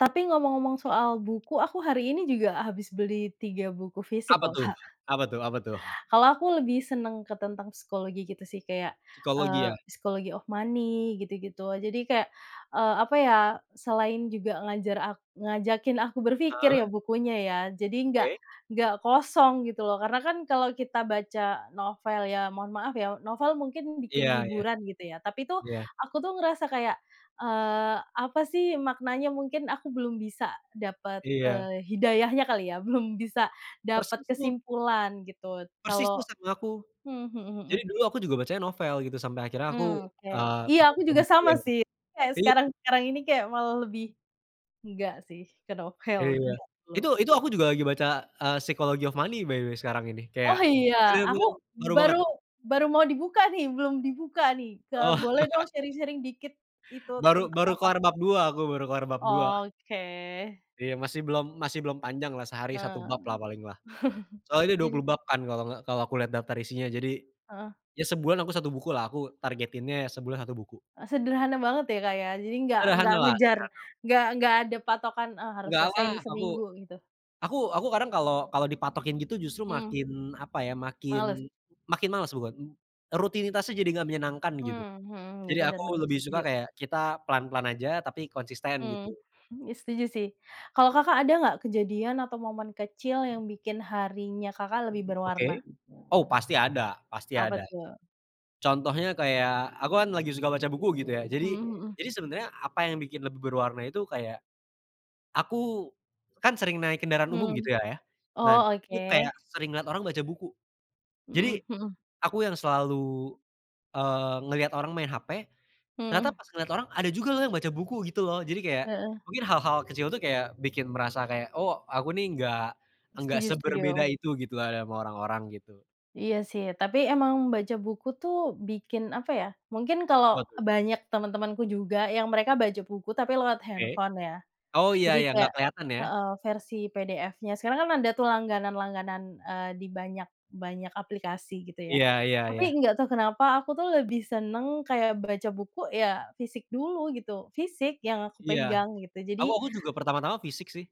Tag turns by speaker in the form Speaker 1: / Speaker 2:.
Speaker 1: Tapi ngomong-ngomong soal buku, aku hari ini juga habis beli 3 buku fisik
Speaker 2: Apa
Speaker 1: loh,
Speaker 2: tuh
Speaker 1: Kak.
Speaker 2: apa tuh apa tuh?
Speaker 1: Kalau aku lebih senang ke tentang psikologi gitu sih kayak,
Speaker 2: Psikologi
Speaker 1: eee,
Speaker 2: ya?
Speaker 1: Psychology of Money, gitu gitu. Jadi kayak, eee, apa ya, selain juga ngajar ak ngajakin aku berpikir ya
Speaker 2: Heeh.
Speaker 1: bukunya ya, jadi enggak
Speaker 2: Oke.
Speaker 1: enggak kosong gitu loh, karena kan kalau kita baca novel ya, mohon maaf ya, novel mungkin bikin
Speaker 2: Iya iya.
Speaker 1: hiburan gitu ya, tapi tuh
Speaker 2: Iya.
Speaker 1: aku tuh ngerasa kayak, eee, apa sih maknanya mungkin aku belum bisa dapat,
Speaker 2: Iya.
Speaker 1: eee, hidayahnya kali ya, belum bisa dapat
Speaker 2: Persis tuh
Speaker 1: kesimpulan gitu
Speaker 2: Persis tuh
Speaker 1: kalau
Speaker 2: sama aku.
Speaker 1: hmm, mhm mhm.
Speaker 2: Jadi dulu aku juga bacanya novel gitu sampai akhirnya aku,
Speaker 1: Hmm, oke.
Speaker 2: eee,
Speaker 1: Iya aku
Speaker 2: baca
Speaker 1: juga
Speaker 2: buku
Speaker 1: sama
Speaker 2: yang
Speaker 1: sih, kayak
Speaker 2: iya.
Speaker 1: sekarang-sekarang ini kayak malah lebih enggak sih ke novel,
Speaker 2: Iya.
Speaker 1: enggak
Speaker 2: Itu
Speaker 1: dulu.
Speaker 2: itu aku juga lagi baca, eee, Psychology of Money by the way sekarang ini, kayak
Speaker 1: Oh iya,
Speaker 2: bener
Speaker 1: aku
Speaker 2: bener baru banget.
Speaker 1: baru baru mau dibuka nih, belum dibuka nih. Ke
Speaker 2: Oh.
Speaker 1: boleh dong sharing-sharing dikit itu
Speaker 2: Baru
Speaker 1: tentang
Speaker 2: baru
Speaker 1: apa?
Speaker 2: kelar bab 2, aku baru kelar bab 2.
Speaker 1: Oke.
Speaker 2: Iya, masih belum masih belum panjang lah sehari 1
Speaker 1: Nah.
Speaker 2: bab lah paling lah. Soalnya ini dua
Speaker 1: Jadi
Speaker 2: puluh bab kan kalau gak kalau aku lihat daftar isinya. Jadi
Speaker 1: Heeh.
Speaker 2: ya sebulan aku 1 buku lah aku targetinnya ya sebulan 1 buku.
Speaker 1: E sederhana banget ya Kak ya, jadi enggak enggak
Speaker 2: Sederhana lah,
Speaker 1: ngejar,
Speaker 2: sederhana.
Speaker 1: enggak enggak ada patokan, "Ah harus
Speaker 2: Nggak
Speaker 1: selesai
Speaker 2: lah,
Speaker 1: nih
Speaker 2: aku
Speaker 1: seminggu," gitu?
Speaker 2: aku aku kadang kalau kalau dipatokin gitu justru
Speaker 1: Hmm.
Speaker 2: makin, apa ya,
Speaker 1: Males.
Speaker 2: makin makin males bukan rutinitasnya jadi gak menyenangkan gitu.
Speaker 1: Mhm mhm. Iya,
Speaker 2: Jadi
Speaker 1: benar
Speaker 2: aku
Speaker 1: benar
Speaker 2: lebih suka
Speaker 1: setuju.
Speaker 2: kayak kita pelan-pelan aja tapi konsisten gitu.
Speaker 1: Hmm, ya setuju sih. Kalau Kakak ada enggak kejadian atau momen kecil yang bikin harinya Kakak lebih berwarna?
Speaker 2: Oke. Oh pasti ada pasti
Speaker 1: Apa
Speaker 2: ada.
Speaker 1: tuh?
Speaker 2: Contohnya kayak, aku kan lagi suka baca buku gitu ya, jadi
Speaker 1: Mhm mhm.
Speaker 2: jadi sebenarnya apa yang bikin lebih berwarna itu kayak, aku kan sering naik kendaraan umum
Speaker 1: Hmm.
Speaker 2: gitu lah ya. Nah,
Speaker 1: Oh,
Speaker 2: itu kayak
Speaker 1: oke.
Speaker 2: sering lihat orang baca buku, jadi
Speaker 1: Mhm mhm.
Speaker 2: aku yang selalu, eee, ngelihat orang main HP ternyata
Speaker 1: Mhm.
Speaker 2: pas ngelihat orang ada juga loh yang baca buku gitu loh. Jadi kayak
Speaker 1: Heeh.
Speaker 2: mungkin hal-hal kecil itu kayak bikin merasa kayak, "Oh aku nih enggak enggak
Speaker 1: Setuju
Speaker 2: seberbeda
Speaker 1: setuju.
Speaker 2: itu gitu lah sama orang-orang," gitu.
Speaker 1: Iya sih, tapi emang baca buku tuh bikin, apa ya, mungkin
Speaker 2: Apa
Speaker 1: kalau
Speaker 2: tuh?
Speaker 1: banyak teman-temanku juga yang mereka baca buku tapi lewat
Speaker 2: Oke.
Speaker 1: handphone ya.
Speaker 2: Oh iya
Speaker 1: Jadi
Speaker 2: iya, gak
Speaker 1: kayak
Speaker 2: kelihatan ya?
Speaker 1: heeh, versi PDF-nya. Sekarang kan ada tuh langganan-langganan, eee, di banyak banyak aplikasi gitu ya.
Speaker 2: Iya iya
Speaker 1: Tapi
Speaker 2: iya.
Speaker 1: enggak tahu kenapa aku tuh lebih senang kayak baca buku ya fisik dulu gitu, fisik yang aku
Speaker 2: Iya,
Speaker 1: pegang gitu. Jadi
Speaker 2: aku aku juga pertama-tama fisik sih.